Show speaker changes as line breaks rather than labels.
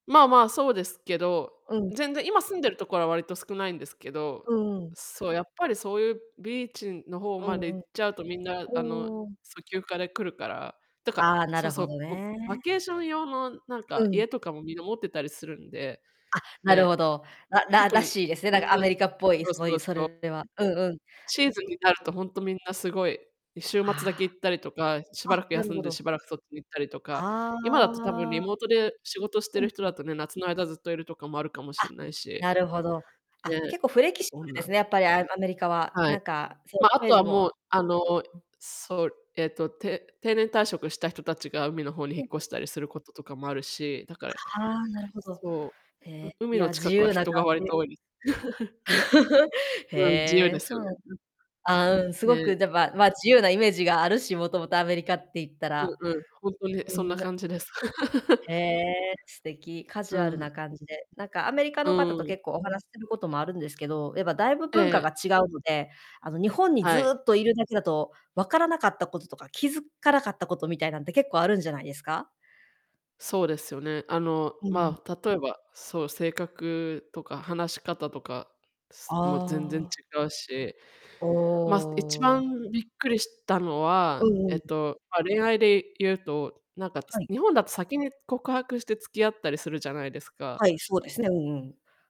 まあまあ、そうですけど。
うん。
全然今住んでるところは割と少ないんですけど。
うんうん。
そう、やっぱりそういうビーチの方
う
ま
ん
で行っ
う
ちゃうとみんな、あの、
ん。うーん。
そう、休暇で来るから。だか
ああ、な
そう
る
そ
ほ
う、
ど
も、バ
ね。
ケーション用のなん
う
か
ん。
家とかもみんな持ってたりするんで。
あ、なる
ね、
ほど、らら
特
ら
に
しいですね、
そん
なんかア
な
メリカっぽい、
そ
す
う
ご
そう
いそ
そう。
れはうんうん、
シー
うん。
ズンになるとほんとみんなすごい、い週末だけ
あ
行ったりとか、し
あ。あ、
ばらく
なる
休ん
ほ
で
ど。
しばらくそっち行ったりとか、今
あ
だと多分リ
あ。
モートで仕事して
うん、
る人
うん。
だとね、夏の間ずっといるとかもあるかも
あ、
しんないし。
なるほど、あ、
ね。
結構フレキシ
そ
ブ
ん
ル
な。
ですね、やっぱり、あ、アメリカは
は
な
い。
んかそう
ま、あ
イメー
と
ジ
は
も。
もう
う
あの、
うん。
そう、えっと、定定年退職した人たちが海の方に引っ越
[unintelligible]
したりすることとかもあるし。だかえ
ああ、なるほど。
そう。
へ、
う海
い
の
や、自
近くは
由な
人
感
が割
じ。
と多い。うん、自由
へ
で
え、
す
そ
よ
う
ね、
なん
うん。
ああ、うん、すご
ね。
く、でばま、自由なイメージがあるし、もともとアメリカって言った
う
ら。
ん、うん、ほんとに
う
そんな
ん、な
感じです。
へえ、素敵。カジ
う
ュアル
ん。
な感じで。なんかアメリカ
う
の方と
ん。
結構お話しすることもあるんですけど、やっぱだいぶ
えええ
文化
え。
が違うので、あの、日本にず
はい。
っといるだけだと分からなかったこととか、気づかなかったことみたいなんって結構あるんじゃないですか？
そうですよね。あの、
うん。
まあ、例えば、そう、性格とか話し方とか、すもう全然違
ああ。
うし。
お
ま、す一
お。
番びっくりしたの
う
は、
んう
えっ
ん。
と、ま、恋愛で言うと、なんかつ
はい。
日本だと先に告白して付き合ったりするじゃないですか。
はい、そうですね、うんうん。